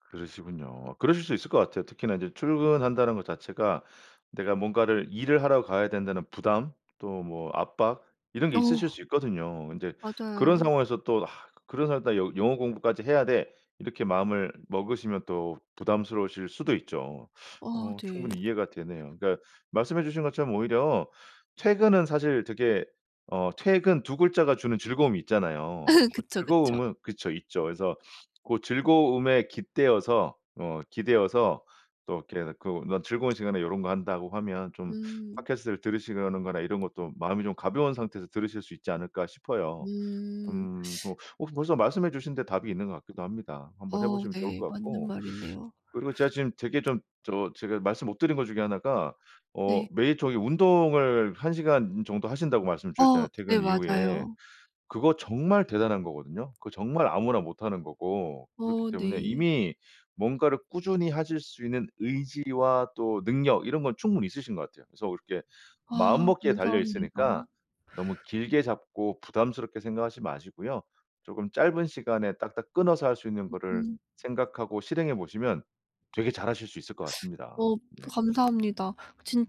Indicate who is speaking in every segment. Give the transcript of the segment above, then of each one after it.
Speaker 1: 그러시군요. 그러실 수 있을 것 같아요. 특히나 이제 출근한다는 것 자체가 내가 뭔가를 일을 하러 가야 된다는 부담 또 뭐 압박 이런 게 있으실
Speaker 2: 어.
Speaker 1: 수 있거든요. 근데 그런
Speaker 2: 맞아요.
Speaker 1: 상황에서 또 그런 상황에다 '영 영어 공부까지 해야 돼.' 이렇게 마음을 먹으시면 또 부담스러우실 수도 있죠.
Speaker 2: 어
Speaker 1: 어
Speaker 2: 네.
Speaker 1: 충분히 이해가 되네요. 그러니까 말씀해 주신 것처럼 오히려 퇴근은 사실 되게 어 퇴근 2 글자가 주는 즐거움이 있잖아요. 그
Speaker 2: 그쵸, 그쵸.
Speaker 1: 즐거움은 그쵸 있죠. 그래서 고 즐거움에 깃대어서 어 기대어서 또 이렇게 그 '나도 즐거운 시간에 요런 거 한다.'고 하면 좀
Speaker 2: 음.
Speaker 1: 팟캐스트를 들으시려는 거나 이런 것도 마음이 좀 가벼운 상태에서 들으실 수 있지 않을까 싶어요.
Speaker 2: 음.
Speaker 1: 음 뭐 혹시 벌써 말씀해 주신 데 답이 있는 것 같기도 합니다. 한번 해
Speaker 2: 어
Speaker 1: 보시면 좋을
Speaker 2: 네.
Speaker 1: 것
Speaker 2: 맞는
Speaker 1: 같고.
Speaker 2: 말이네요.
Speaker 1: 그리고 제가 지금 되게 좀 저 제가 말씀 못 드린 것 중에 1 가 어
Speaker 2: 네.
Speaker 1: 매일 저기 운동을 1 시간 정도 하신다고 말씀을
Speaker 2: 어
Speaker 1: 주셨잖아요
Speaker 2: 네.
Speaker 1: 퇴근 이후에.
Speaker 2: 맞아요.
Speaker 1: 그거 정말 대단한 거거든요. 그거 정말 아무나 못하는 거고 그렇기
Speaker 2: 어
Speaker 1: 때문에
Speaker 2: 네.
Speaker 1: 이미 뭔가를 꾸준히 하실 수 있는 의지와 또 능력 이런 건 충분히 있으신 것 같아요. 그래서 그렇게
Speaker 2: 아
Speaker 1: 마음먹기에 달려 있으니까
Speaker 2: 감사합니다.
Speaker 1: 너무 길게 잡고 부담스럽게 생각하시지 마시고요. 쪼금 짧은 시간에 딱딱 끊어서 할 수 있는 거를
Speaker 2: 음.
Speaker 1: 생각하고 실행해 보시면 되게 잘하실 수 있을 것 같습니다
Speaker 2: 어
Speaker 1: 네.
Speaker 2: 감사합니다.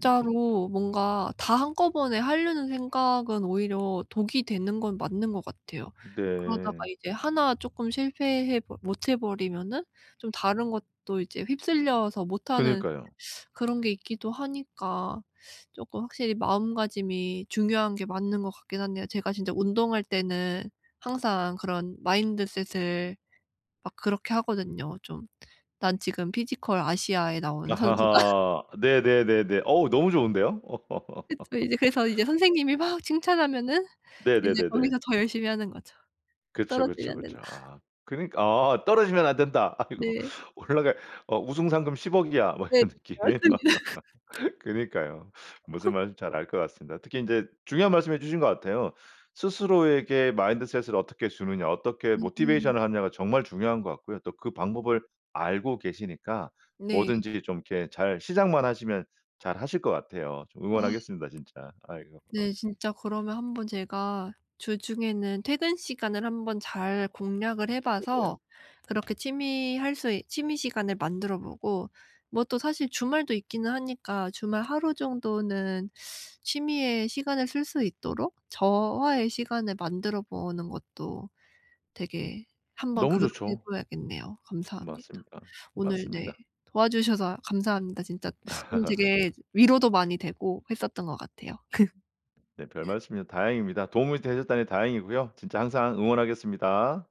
Speaker 1: 음.
Speaker 2: 뭔가 다 한꺼번에 하려는 생각은 오히려 독이 되는 건 맞는 것 같아요. 그러다가
Speaker 1: 네.
Speaker 2: 이제 1 쪼끔 실패해 버 못해 버리면은 좀 다른 것도 이제 휩쓸려서 못하는
Speaker 1: 그러니까요.
Speaker 2: 그런 게 있기도 하니까 쪼끔 확실히 마음가짐이 중요한 게 맞는 것 같긴 한데요. 제가 진짜 운동할 때는 항상 그런 마인드셋을 막 그렇게 하거든요. 좀 '난 지금 피지컬 아시아에 나온 선수다.'
Speaker 1: 아하하. 네네네네. 어우 너무 좋은데요.
Speaker 2: 그쵸. 이제 그래서 이제 선생님이 막 칭찬하면은 이제
Speaker 1: 네네네네.
Speaker 2: 거기서 더 열심히 하는 거죠.
Speaker 1: 그쵸,
Speaker 2: '떨어지면
Speaker 1: 그쵸,
Speaker 2: 안
Speaker 1: 그쵸.
Speaker 2: 된다.'
Speaker 1: 아 그니 '아 떨어지면 안 된다.' 아이고.
Speaker 2: 네.
Speaker 1: 올라갈 어 "우승 상금 10 억이야." 뭐
Speaker 2: 네
Speaker 1: 이런
Speaker 2: 그쵸.
Speaker 1: 느낌.
Speaker 2: 맞습니다.
Speaker 1: 그러니까요. 무슨 말씀인지 잘 알 것 같습니다. 특히 인제 중요한 말씀해 주신 것 같아요. 스스로에게 마인드셋을 어떻게 주느냐 어떻게
Speaker 2: 맞아요.
Speaker 1: 모티베이션을 하느냐가 정말 중요한 것 같고요. 또 그 방법을 알고 계시니까
Speaker 2: 네.
Speaker 1: 뭐든지 좀 이렇게 잘 시작만 하시면 잘 하실 것 같아요. 좀
Speaker 2: 아.
Speaker 1: 응원하겠습니다 진짜. 아이고.
Speaker 2: 네 진짜 그러면 한번 제가 주중에는 퇴근 시간을 한번 잘 공략을 해
Speaker 1: 그러게요.
Speaker 2: 봐서 그렇게 취미 할 수 있 취미 시간을 만들어보고 뭐 또 사실 주말도 있기는 하니까 주말 하루 정도는 취미에 시간을 쓸 수 있도록 저와의 시간을 만들어 보는 것도 되게 한번
Speaker 1: 너무
Speaker 2: 그렇게 해
Speaker 1: 좋죠.
Speaker 2: 봐야겠네요. 감사합니다.
Speaker 1: 맞습니다,
Speaker 2: 오늘 네
Speaker 1: 맞습니다.
Speaker 2: 도와주셔서 감사합니다. 진짜 좀 되게 위로도 많이 되고 했었던 것 같아요.
Speaker 1: 네 별말씀을 다행입니다. 도움이 되셨다니 다행이고요. 진짜 항상 응원하겠습니다.